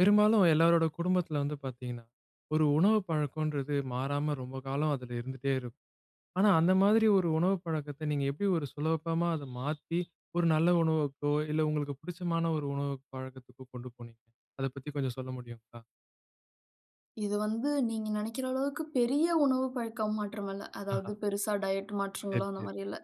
பெரும்பாலும் எல்லோருடைய குடும்பத்தில வந்து பார்த்திங்கன்னா, ஒரு உணவு பழக்கம்ன்றது மாறாம ரொம்ப காலம் அதில இருந்துட்டே இருக்கும். ஆனா அந்த மாதிரி ஒரு உணவு பழக்கத்த நீங்க எப்படி ஒரு சுலபமா அத மாத்தி ஒரு நல்ல உணவுக்கோ, இல்ல உங்களுக்கு பிடிச்சமான ஒரு உணவு பழக்கத்துக்கோ, கொண்டு போனீங்க? அத பத்தி கொஞ்சம் சொல்ல முடியுங்களா? இது வந்து நீங்க நெனைக்கிற அளவுக்கு பெரிய உணவு பழக்க மாற்றம் இல்ல. ஆஹா. அதாவது பெரிசா டயட் சரி மாற்றங்களும் அந்த சரி. மாதிரி இல்ல.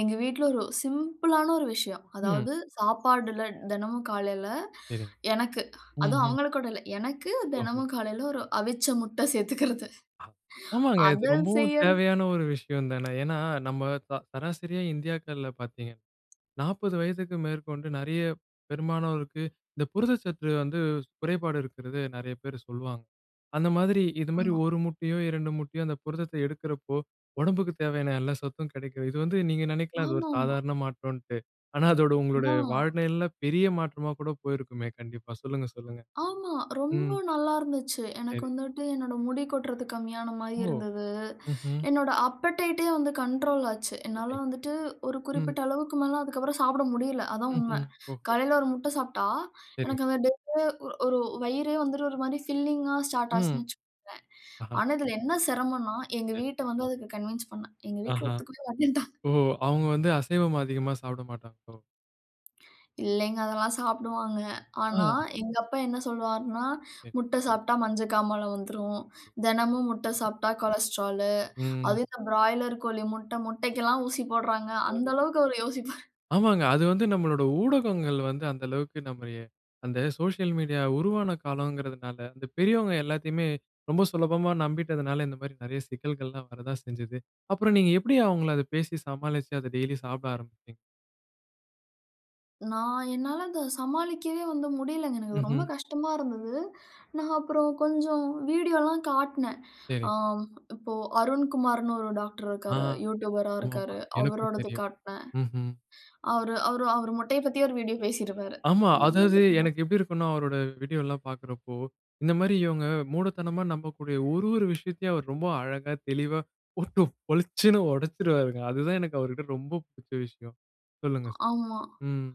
எங்க வீட்டுல ஒரு சிம்பிள் ஆன ஒரு விஷயம். ம். அதாவது சாப்பாடுல தினமும் காலையில சரிங்க. எனக்கு, ம் அதுவும் ம். அவங்களுக்கோட இல்ல எனக்கு ஓஹோ. தினமும் காலையில ஒரு அவிச்ச முட்டை சேர்த்துக்கறது. ஆமாங்க. இது அதை ரொம்பவும் செய்யறது தேவையான ஒரு விஷயம் தான. ஏன்னா நம்ம ச சராசரியா இந்தியாக்கள்ல பார்த்தீங்கன்னா, 40 வயதிற்கு மேற்கொண்டு நெறைய பெரும்பானோருக்கு இந்த புரத சத்து வந்து குறைபாடு இருக்கிறது நெறைய பேர் சொல்வாங்க. அந்த மாதிரி இது மாதிரி ஆமா. 1 முட்டையோ, 2 முட்டையோ அந்த புரதத்த எடுக்கிறப்போ ஒடம்புக்கு தேவையான எல்லா சத்தும் கெடைக்கிது. இது வந்து நீங்க நினைக்கலாம் அது ஒரு ஆமாமா. சாதாரண மாற்றம்ன்ட்டு. ஆனா அதோட உங்களுடைய ஆனா வாழ்நெலையில பெரிய மாற்றமா கூட போயிருக்குமே கண்டிப்பா. சொல்லுங்க சொல்லுங்க. ஆமா. ரொம்ப ம். நல்லா இருந்துச்சு. எனக்கு சரி. வந்துட்டு என்னோட முடி கொட்டுறது கம்மியான மாதிரி ஓ! இருந்தது. ம் ம். என்னுடைய அப்படைட்டே வந்து கண்ட்ரோல் ஆச்சு. என்னால ஓகேங் வந்துட்டு ஒரு ம். குறிப்பிட்ட அளவுக்கு மேல அதுக்கு அப்புறம் சாப்பிட முடியல. அதுதான் உண்மை. ம்ஹ்ம். ஓகே. காலையில 1 முட்டை சாப்பிட்டா சரிங்க. எனக்கு அந்த டேவே ஒரு வயிறே வந்துட்டு ஒரு மாதிரி பில்லிங்கா ஸ்டார்ட் ம். ஆச்சுன்னு வச்சுக்கோங்களேன். ஆ. ஆனா இதில என்ன சிரமம்ன்னா, எங்க சரி. வீட்ட வந்து அதுக்கு கன்வின்ஸ் பண்ணேன். எங்க வீட்டில ஆஹா ஒத்துக்கவே மாட்டின்டாங்க. ஓ! அவங்க வந்து அசைவம் அதிகமா சாப்பிட மாட்டாங்களோ! இல்லைங்க அதெல்லாம் சாப்பிடுவாங்க. ஆனா அ. எங்க அப்பா என்ன சொல்வார்ன்னா, ஓகே. "முட்ட சாப்பிட்டா மஞ்ச காமால வந்துரும்" "தெனமும் முட்ட சாப்பிட்டா கொலஸ்டரால்" ம். அதுவும் "இந்த பிராய்லர் கோழி முட்ட முட்டைக்கு எல்லாம் ஊசி போடுறாங்க" அந்த ம். அளவுக்கு அவர் யோசிப்பாரு. ஆமாங்க. அது வந்து நம்மளோட ஊடகங்கள் வந்து அந்த அளவுக்கு நம்மைய அந்த சோசியல் மீடியா உருவான காலம்ங்கறதனால அந்த பெரியவங்க எல்லாத்தையுமே ரொம்ப சுலபமா நம்பிட்டதுனால, இந்த மாதிரி நிறைய சிக்கல்கள் எல்லாம் வரத்தான் செஞ்சது. அப்புறம் நீங்க எப்படி அவங்கள அத பேசி சமாளிச்சு அத டெய்லி சாப்பிட ஆரம்பிச்சீங்க? நான் என்னால அத சமாளிக்கவே வந்து முடியலங்க. எனக்கு அது ரொம்ப ம்ஹ்ம். கஷ்டமா இருந்தது. நான் அப்புறம் கொஞ்சம் வீடியோலாம் காட்னன். ஆ சரிங். இப்போ அருண்குமார்னு ஒரு டாக்டர் ஆ. இருக்காரு. [unintelligible] யூட்யூபர்ரா ஆமா. ஆமா. இருக்காரு. எனக்கும் அவரோடது தெரியும். காட்டுனேன். ம்ஹ்ம். அவுரு அவுரு மொட்டைய பத்தி ஒரு வீடியோ பேசிருப்பாரு. ஆமா அதாவது [unintelligible] எனக்கு எப்படி இருக்கும்னா அவரோட வீடியோலாம் பார்க்கிறப்போ இந்த மாரி இவங்க மூடத்தனமா நம்பக்கூடிய ஒரு ஒரு விஷயத்தையும் அவர் ரொம்ப அழகா தெளிவா போட்டு பொளிச்சுனு உடச்சிருவாருங்க. அதுதான் எனக்கு அவர்கிட்ட எனக்கு ரொம்ப புடிச்ச விஷயம். சொல்லுங்க. ஆமா. ம்.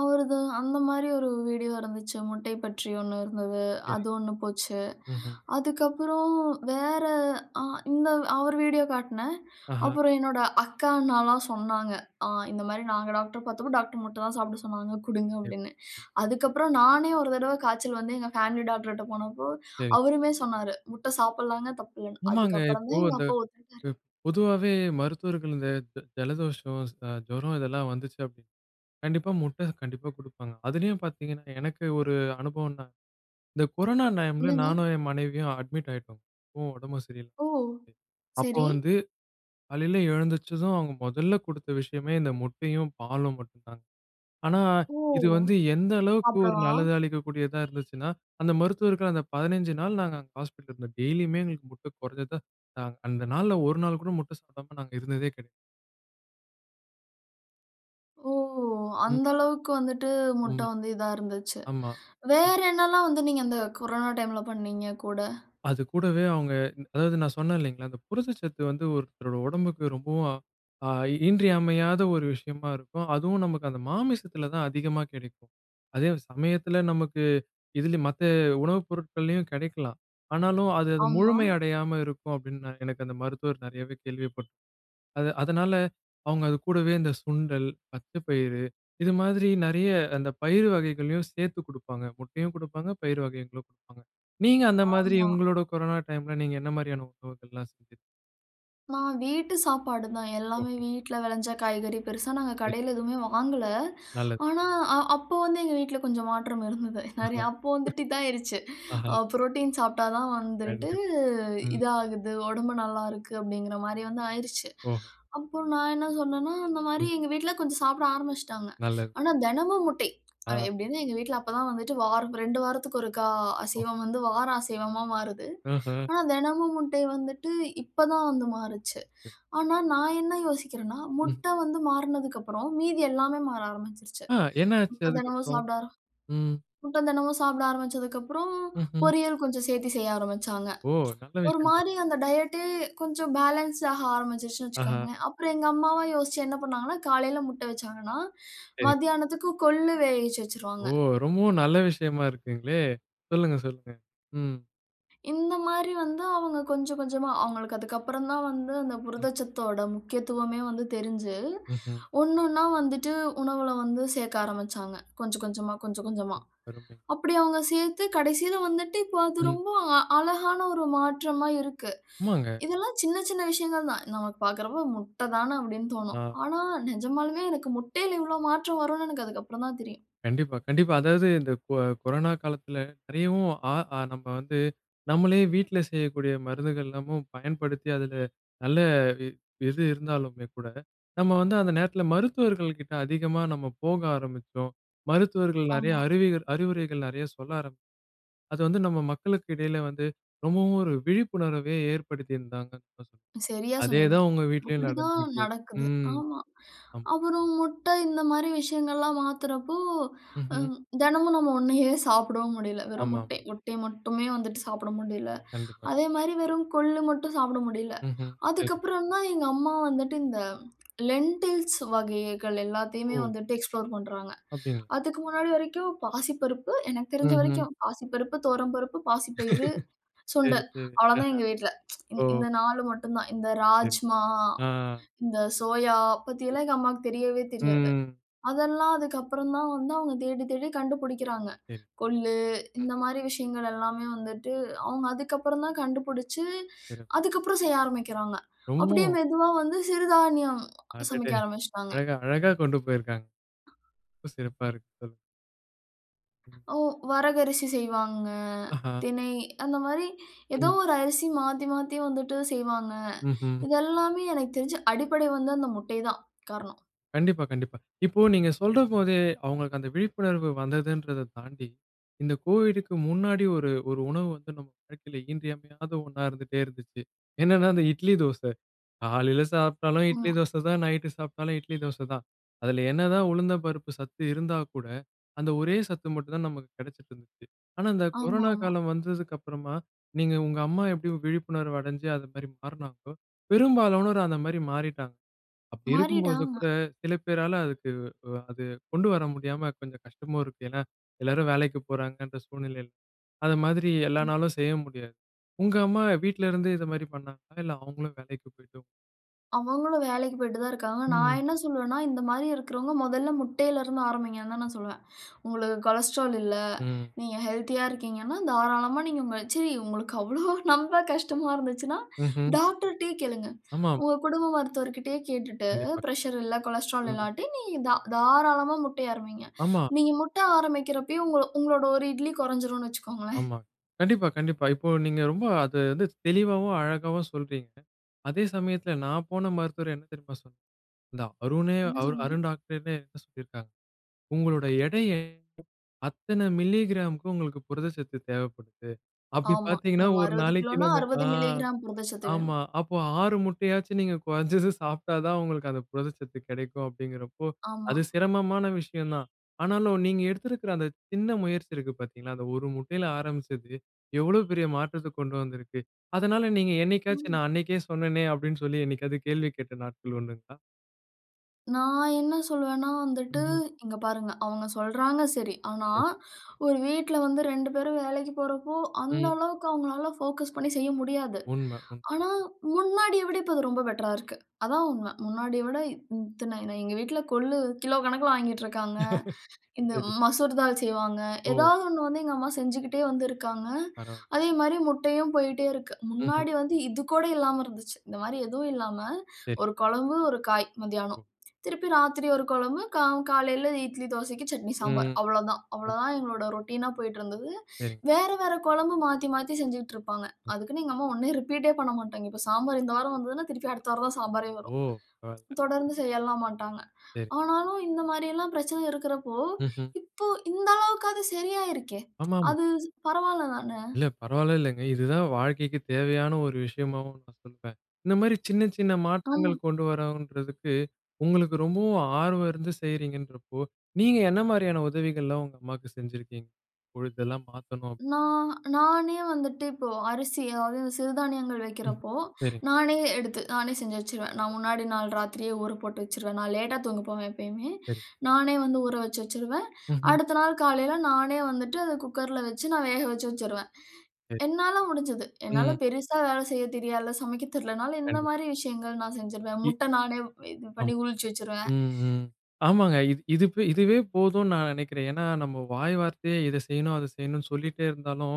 அவரது அந்த மாதிரி ஒரு வீடியோ இருந்துச்சு. முட்டை பற்றி ஒன்னு இருந்துது. சரி. அது ஒன்னு போச்சு. ம்ஹ்ம். அதுக்கப்புறம் வேற ஆ இந்த அவர் வீடியோ காட்னன். ஆஹா. அப்புறம் என்னுடைய அக்கா, அண்ணா எல்லாம் சொன்னாங்க. ஆங் "இந்த மாதிரி நாங்க டாக்டரா பார்த்தப்போ டாக்டர் முட்ட தான் சாப்ட சொன்னாங்க குடுங்க." அப்படின்னு. டிப். அதுக்கு அப்புறம் நானே ஒரு தடவை காய்ச்சல் வந்து எங்க பேமிலி டாக்டர் கிட்ட போனப்போ சரி. அவருமே சொன்னாரு. முட்ட சாப்பட்லாம் தப்பில்லன்னு. அதுக்கு ஆமாங்க அப்புறம் இப்போ தான் எங்க இந்த அப்பா ஒத்துக்கிட்டாரு. பொ பொதுவாவே மருத்துவர்கள் இந்த ஜலதோஷம் ஜுரம் இதெல்லாம் வந்துச்சு அப்படின்னு கண்டிப்பா முட்ட கண்டிப்பா குடுப்பாங்க. அதுலையும் பார்த்தீங்கன்னா எனக்கு ஒரு அனுபவம் தான். இந்த கொரோனா டைம்ல என்னங்க. நானும், என் மனைவியும் அட்மிட் ஆயிட்டோம். இப்போ உடம்பு சரியில்ல. ஓ! அப்போ சரி. வந்து காலையில எழுந்திரிச்சதும் அவங்க முதல்ல குடுத்த விஷயமே இந்த முட்டையும், பாலும் மட்டும் தான். ஆனா, ஓ இது வந்து எந்த அளவுக்கு ஒரு சாப்டவா? நல்லது அளிக்கக்கூடியதா இருந்துச்சுனா, அந்த மருத்துவர்கள் அந்த 15 நாள் நாங்க அங்க ஹாஸ்பிட்டல்ல இருந்தோம். டெய்லியுமே எங்களுக்கு முட்ட குறைஞ்சது. அந்த நாள்ல ஒரு நாள் கூட முட்டை சாப்டாம நாங்க இருந்ததே கிடையாது. ஓ! ம். அந்த அளவுக்கு வந்துட்டு முட்டை ம். வந்து இதா இருந்துச்சு. ஆமா. வேற என்னெல்லாம் வந்து நீங்க அந்த கொரோனா டைம்ல பண்னீங்க? கூட. அதுகூடவே, அவங்க அதாவது நான் சொன்னேன் இல்லைங்களா, அந்த புரதச்சத்து வந்து ஒருத்தரோட உடம்புக்கு, ரொம்பவும் அ இன்றியமையாத ஒரு விஷயமா இருக்கும். அதுவும் நமக்கு அந்த மாமிசத்தில தான் அதிகமா கிடைக்கும். அதே சமயத்தில நமக்கு இதிலும் மத்த உணவுப் பொருட்கள்லையும் கிடைக்கலாம். ஆனாலும் அது அது ஆமா. முழுமை அடையாம இருக்கும். அப்டின்னு எனக்கு அந்த மருத்துவர் நிறையவே கேள்விப்பட் அது அதனால அவங்க அது கூடவே இந்த சுண்டல், பச்சை பயிறு இது மாதிரி நிறைய அந்த பயிர் வகைகளையும் சேர்த்துக் குடுப்பாங்க. முட்டையும் குடுப்பாங்க, பயிர் வகைகளும் குடுப்பாங்க. நீங்க அந்த மாதிரி ஆமா. உங்களுடைய கொரோனா டைம்ல நீங்க என்ன மாதிரியான உணவுகள் எல்லாம் செய்தீங்க? நான் வீட்டு சாப்பாடு தான். எல்லாமே ஓஹோ! வீட்ல விளைஞ்ச காய்கறி. பெருசா நாங்க சரி கடையில் எதுவுமே வாங்கல. நல்லது. ஆனா, அ அப்போ வந்து எங்க வீட்ல கொஞ்சம் மாற்றம் இருந்தது. நிறைய அப்போ வந்துட்டு இதுதான் ஆயிடுச்சு அஹ. புரோட்டீன் சாப்பிட்டா தான் வந்துட்டு, கண்டிப்பா ம். இதாகுது உடம்பு நல்லா இருக்குது. அப்படிங்கிற மாரி வந்து ஆயிருச்சு. ஓ. அப்ப நான் என்ன சொன்னேன்னா, அந்த மாரி ம். எங்க வீட்ல கொஞ்சம் சாப்பிட ஆரம்பிச்சுட்டாங்க. நல்லது. ஆனா தினமும் முட்டை, ஆ. எப்டின்னா எங்க வீட்டில அப்போ தான் வந்துட்டு வாரம் 2 வாரத்துக்கு ஒருக்கா ஓ. அசைவம் வந்து வாரம் அசைவமா மாறுது. ம்ஹும். ஆனா, தினமும் முட்டை வந்துட்டு இப்போ தான் வந்து மாறிச்சு. ம் ஆனா நான் என்ன யோசிக்கிறேன்னா, ம். முட்ட வந்து மாறினதுக்கு அப்புறம் மீதி எல்லாமே மாற ஆரம்பிச்சுடுச்சு. ஆ என்ன ஆச்சு முட்டை அதுக்கு தினமும் அப்புறம்? சாப்பிட ஆர ம். முட்டை தினமும் சாப்பிட ஆரம்பிச்சதுக்கப்புறம், ம்ஹும். பொரியல் கொஞ்சம் சேர்த்து செய்ய ஆரம்பிச்சாங்க. ஓ! நல்ல ஒரு விஷயம் தான். மாதிரி அந்த டயட் கொஞ்சம் பேலன்ஸ் ஆகா ஆரம்பிச்சுதுன்னு ஆஹா. வச்சுக்கோங்களேன். அப்புறம் எங்க அம்மாவ யோசிச்சு என்ன பண்ணினாங்கன்னா, காலையில முட்டை வச்சாங்கன்னா, சரி. மதியானத்துக்கு கொள்ளு வேகவச்சு வச்சுடுவாங்க. ஓ ரொம்பவும் நல்ல விஷயமா இருக்குங்களே! சொல்லுங்க சொல்லுங்க. ம். இந்த மாரி வந்து அவங்க கொஞ்சம் கொஞ்சமா அவங்களுக்கு அதுக்கப்புறம் தான் வந்து அந்த ம். புரதச்சத்தோட முக்கியத்துவமே வந்து தெரிஞ்சு, ம்ஹ்ம். ஒண்ணு ஒண்ணா வந்துட்டு உணவுல வந்து சேர்க்க ஆரம்பிச்சாங்க. கொஞ்சம் கொஞ்சமா, கொஞ்சம் கொஞ்சமா, ம் அருமை. அப்படி அவங்க சேர்த்து கடைசியில வந்துட்டு இப்போ அது ம். ரொம்ப அழகான ஒரு மாற்றமா இருக்கு. ஆமாங்க. இதெல்லாம் சின்ன சின்ன விஷயங்கள் தான். நமக்கு பார்க்குறப்போ முட்ட தான அப்படின்னு தோணும். ஆ. ஆனா, நிஜமாலுமே எனக்கு முட்டையில இவ்ளோ மாற்றம் வரும்னு எனக்கு அதுக்கு அப்புறம் தான் தெரியும். கண்டிப்பா கண்டிப்பா. அதாவது இந்த கொ கொரோனா காலத்துல நிறையவும் ஆ அ நம்ம வந்து நம்மளே வீட்ல செய்யக்கூடிய மருந்துகளெல்லாமும் பயன்படுத்தி, அதுல நல்ல வி இது இருந்தாலுமே கூட நம்ம வந்து அந்த நேரத்துல மருத்துவர்கள் கிட்ட அதிகமா நம்ம போக ஆரம்பிச்சோம். மருத்துவர்கள் நிறைய ஆமா. அறிவிகள் அறிவுரைகள் நிறைய சொல்ல ஆரம் அது வந்து நம்ம மக்களுக்கு இடையில வந்து ரொம்பவும் ஒரு விழிப்புணர்வவே ஏற்படுத்தியிருந்தாங்க. [unintelligible] சரியா சொன்னீங்க, அதேதான் உங்க வீட்லேயும் அப்படிதான் நடந்துருக்கு. நடக்குது ம் ஆமா, அம். அப்புறம் முட்ட இந்த மாரி விஷயங்கள்லாம் மாத்துறப்போ, ம்ஹ்ம். ம் தெனமும் நம்ம ஒண்ணையே சாப்டவும் முடியல. வெறும் ஆமா. முட்டை முட்டை மட்டுமே வந்துட்டு சாப்ட முடியல. கண்டிப்பா. அதேமாரி வெறும் கொள்ளு மட்டும் சாப்பட முடியல. ம்ஹ்ம். சரி. அதுக்கப்புறம் தான் எங்க அம்மா வந்துட்டு இந்த லெண்டில்ஸ் வகைகள எல்லாத்தையுமே ஓ. வந்துட்டு எக்ஸ்ப்ளோர் பண்றாங்க. அப்டிங் அதுக்கு முன்னாடி வரைக்கும் பாசிப்பருப்பு, எனக்கு தெரிஞ்ச ம்ஹ்ம். வரைக்கும் பாசிப்பருப்பு, துவரம்பருப்பு, பாசிப்பயிறு, சரி சுண்டல் சரி. அவளோதான் அஹ, எங்க வீட்ல, ஓ. இந் இந்த 4 மட்டும் தான். இந்த சரி. ராஜ்மா, ஆ. இந்த சோயா பத்திலாம் சரி, எங்க அம்மாவுக்கு தெரியவே தெரியாது. ம். அதெல்லாம் அதுக்கு அப்புறம் தான் வந்து அவங்க தேடி தேடி கண்டுபுடிக்குறாங்க. சரி. கொள்ளு இந்த ம்ஹ்ம். மாதிரி விஷயங்கள் எல்லாமே வந்துட்டு அவங்க அதுக்கப்புறம் தான் கண்டுபுடிச்சு, சிறப் அதுக்கு அப்புறம் செய்ய ஆரம்பிக்கிறாங்க. அப்படியே [unintelligible] மெதுவா வந்து சிறுதானியம் அடடே! சமைக்க ஆரம்பிச்சிட்டாங்க. அழகா அழகா கொண்டு போயிருக்காங்க. ரொம்ப சிறப்பா இருக்கு. [unintelligible] ம். ஓ! வரகு அரிசி செய்வாங்க, அஹா. தினை அந்த மாரி ஏதோ ம். ஒரு அரிசி மாத்தி மாத்தி வந்துட்டு செய்வாங்க. ம்ஹ்ம். இது எல்லாமே எனக்கு தெரிஞ்சு அடிப்படை வந்து அந்த முட்டை தான் காரணம். கண்டிப்பா கண்டிப்பா. இப்போ நீங்க சொல்றபோதே அவங்களுக்கு அந்த விழிப்புணர்வு வந்ததுன்றத தாண்டி, இந்த கோவிடுக்கு முன்னாடி ஒரு ஒரு உணவு வந்து நம்ம வாழ்க்கையில இன்றியமையாத ஒண்ணா இருந்துட்டே இருந்துச்சு. என்னென்னா அந்த இட்லி தோச. காலைல சாப்டாலும் இட்லி, ஆமா. தோசை தான் நைட்டு சாப்பிட்டாலும் இட்லி, தோசை தான். அதுல என்னதான் உளுந்தம்பருப்பு சத்து இருந்தா கூட, அந்த ஒரே சத்து மட்டும் தான் நமக்கு கிடைச்சிட்டு இருந்துச்சு. ஆனா இந்த கொரோனா ஆமாமா. காலம் வந்ததுக்கு அப்பறமா, நீங்க உங்க அம்மா எப்டி விழிப்புணர்வு அடைஞ்சு அது மாரி மாறினாங்களோ, பெரும்பாலானோர் அந்த மாரி மாறிட்டாங்க. அப்டி இருக்கும் போது மாறிட்டாங்க. கூட சில பேரால அதுக்கு அ அது கொண்டு வர முடியாம கொஞ்சம் கஷ்டமும் இருக்கு. ஏன்னா, எல்லாரும் வேலைக்கு போறாங்கன்ற சூழ்நிலையில. அது மாதிரி எல்லா ம். நாளும் செய்ய முடியாது. உங்க அம்மா வீட்ல இருந்து இது மாரி பண்ணாங்களா? இல்ல அவங்களும் வேலைக்கு போயிட்டு அவங்களும் வேலைக்கு போயிட்டு தான் இருக்காங்க. நான் ம். என்ன சொல்வேன்னா, இந்த மாரி இருக்கறவங்க மொதல்ல முட்டையில இருந்து ஆரம்பிங்கன்னு தான் நான் சொல்லுவேன். உங்களுக்கு கொலஸ்டரால் இல்ல. ம். நீங்க ஹெல்த்தியா இருக்கீங்கன்னா, தாராளமா நீங்க சரி உங்களுக்கு அவ்ளோ நம்ப கஷ்டமா இருந்துச்சுன்னா, ம்ஹ்ம். டாக்டர்டயே கேளுங்க. ஆமா. உங்க குடும்ப மருத்துவர் கிட்டயே கேட்டுட்டு கண்டிப்பா. பிரஷர் இல்ல கொலஸ்டரால் ம். இல்லாட்டி, நீங்க தா-தாராளமா முட்டை ஆரம்பியுங்க. ஆமா. நீங்க முட்டை ஆரம்பிக்கிறப்பயே உங்க உங்களோட ஒரு இட்லி குறைஞ்சுரும்னு வச்சுக்கோங்களேன். ஆமா. கண்டிப்பா கண்டிப்பா. இப்போ நீங்க அத வந்து தெளிவாவும் அழகாவும் சொல்றீங்க. அதே சமயத்தில நான் போன மருத்துவர் என்ன தெரியுமா சொன்னார்? இந்த அருணே! என்ன சொன்னாங்க? அருண் டாக்டர் என்ன சொல்லியிருக்காங்க. உங்களுடைய எடைய அத்தன மில்லிகிராம்க்கு உங்களுக்கு புரதச்சத்து தேவைப்படுது. அப்டி ஆமா. இப்ப பாத்தீங்கன்னா, நம்ம ஒரு அறுவது நாளைக்கு கிலோன்னா, நம்ம ஆ. 60 மில்லிகிராம் புரதச்சத்து ஆமா, வேணும். அப்போ 6 முட்டையாச்சும் நீங்க குறைஞ்சது சாப்டா தான் உங்களுக்கு அந்த புரத சத்து கிடைக்கும் அப்டிங்கறப்போ, ஆமா. அது சிரமமான விஷயம் தான். ஆனாலும் நீங்க எடுத்திருக்கிற அந்த சின்ன முயற்சி இருக்குது பாத்தீங்களா? அந்த ஒரு முட்டையில ஆரம்பிச்சு எவ்வளவு பெரிய மாற்றத்த கொண்டு வந்திருக்கு. அதனால நீங்க என்னைக்காச்சும், ம். நான் அன்னைக்கே சொன்னேனே அப்டின்னு சொல்லி என்னைக்காவது கேள்வி கேட்ட நாட்கள் உண்டுங்களா? நான் என்ன சொல்வேன்னா வந்துட்டு ம். இங்க பாருங்க அவுங்க சொல்றாங்க சரி, ஆனா [unintelligible] ஒரு வீட்ல வந்து 2 பேரும் வேலைக்கு போறப்போ, அந்த ம். அளவுக்கு அவுங்களால போகஸ் பண்ணி செய்ய முடியாது. உண்ம. உண் ஆனா முன்னாடிய விட இப்ப அது ரொம்ப பெட்டரா இருக்கு. அதான் உண்மை. முன்னாடிய விட இத் இத்தன எங்க வீட்ல கொல்லு கிலோ கணக்கில வாங்கிட்டு இருக்காங்க. இந்த சரி. மசூர்தால் செய்வாங்க. ஓ. ஏதாவது ஒண்ணு வந்து எங்க அம்மா செஞ்சுக்கிட்டே வந்து இருக்காங்க. பரவாயில்ல. அதே மாரி முட்டையும் போய்ட்டே இருக்கு. ம்ஹ்ம். முன்னாடி வந்து இது கூட இல்லாம இருந்துச்சு. இந்த மாரி எதுவும் இல்லாம, சரி. ஒரு குழம்பு, ஒரு காய் ஒ! மதியானம். திருப்பி ராத்திரி ஒரு கொழம்பு கா காலையில இட்லி தோசைக்கு சட்னி, சாம்பார் ம். அவ்வளதான். அவ்வளதான் எங்களோட ரொட்டின் அ போய்ட்டு இருந்தது. சரி. வேற வேற கொழம்பு மாத்தி மாத்தி செஞ்சுட்டு இருப்பாங்க. அதுக்குன்னு எங்க அம்மா ஒன்னே ரிப்பீட் எ பண்ணமாட்டாங்க. இப்ப சாம்பாரு இந்த வாரம் வந்ததுன்னா, திருப்பி அடுத்த வாரம் தான் சாம்பாரே ஒ! வரும். பரவால்ல தொடர்ந்து செய்யலாம் மாட்டாங்க. சரி. ஆனாலும். இந்த மாரியெல்லாம் பிரச்சனை இருக்கிறப்போ ம்ஹ்ம். இப்ப இந்த அளவுக்காவது சரியாகிருக்கே. ஆமாமா. அது பரவாயில்லை தான! இல்ல பரவாயில்லைலங்க. இது தான் வாழ்க்கைக்கு தேவையான ஒரு விஷயமாவும் நான் சொல்வேன். இந்த மாரி சின்ன சின்ன அம் மாற்றங்கள் கொண்டு வரனுன்றதுக்கு உங்களுக்கு ரொம்பவும் ஆர்வம் இருந்து செய்கிறீங்கன்றப்போ, நீங்க என்ன மாரியான உதவிகள்லாம் உங்க அம்மாவுக்கு செஞ்சுருக்கீங்க? பொழுதெல்லாம் மாத்தனும். நான் நானே வந்துட்டு இப்போ அரிசி அதாவது சிறுதானியங்கள் ம். வைக்கிறப்போ, சரி. நானே எடுத்து நானே செஞ்சு வச்சுருவேன். நான் முன்னாடி நாள் ராத்திரியே ஊற போட்டு வச்சுருவேன். நான் லேட்டா தூங்க போவேன் எப்பயுமே. சரி நானே வந்து ஊறவச்சு வச்சுருவேன். ம்ஹ்ம். அடுத்த நாள் காலையில நானே வந்துட்டு அத குக்கர்ல வச்சு நான் வேகவச்சு வச்சுருவேன். சரி. என்னால முடிஞ்சது. என்னால ம். பெரிசா வேலை செய்யத் தெரியாதுல்ல. சமைக்க தெரியல்லைனாலும், இந்த கண்டிப் மாரி விஷயங்கள் நான் செஞ்சுருவேன். இ முட்டை நானே இது ம் பண்ணி உளிச்சு வச்சிருவேன். ம். ஆமாங்க இது இது இதுவே போதும்னு நான் நெனைக்கிறேன். ஏன்னா நம்ம வாய் வார்த்தையே இதை செய்யணும் அதை செய்யணும்னு சொல்லிட்டே இருந்தாலும்,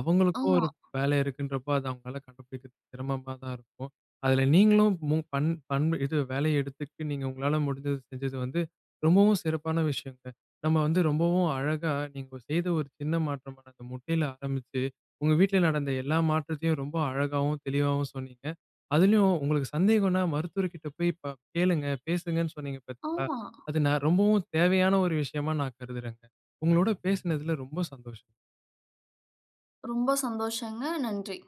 அவங்களுக்கும் ஆமா. ஒரு வேலை இருக்குன்றப்போ அது அவங்களால கண்டுபிடிக்கிறது சிரமமா தான் இருக்கும். அதில நீங்களும் பன் பன் இது வேலையை எடுத்துக்கிட்டு நீங்க உங்களால முடிஞ்சது செஞ்சது வந்து ரொம்பவும் சிறப்பான விஷயம்ங்க. நம்ம வந்து ரொம்பவும் அழகா நீங்க செய்த ஒரு சின்ன மாற்றம் அந்த முட்டையில ஆரம்பிச்சு, உங்க வீட்ல நடந்த எல்லா மாற்றத்தையும் ரொம்ப அழகாவும் தெளிவாவும் சொன்னீங்க. அதிலயும் உங்களுக்கு சந்தேகம்ன்னா மருத்துவர் கிட்ட போய் கேளுங்க பேசுங்கன்னு சொன்னீங்க பார்த்தீங்களா? ஆமா. அது ந ரொம்பவும் தேவையான ஒரு விஷயமா நான் கருதுறேங்க. உங்களோட பேசினதில ரொம்ப சந்தோஷம். ரொம்ப சந்தோசங்க. நன்றி!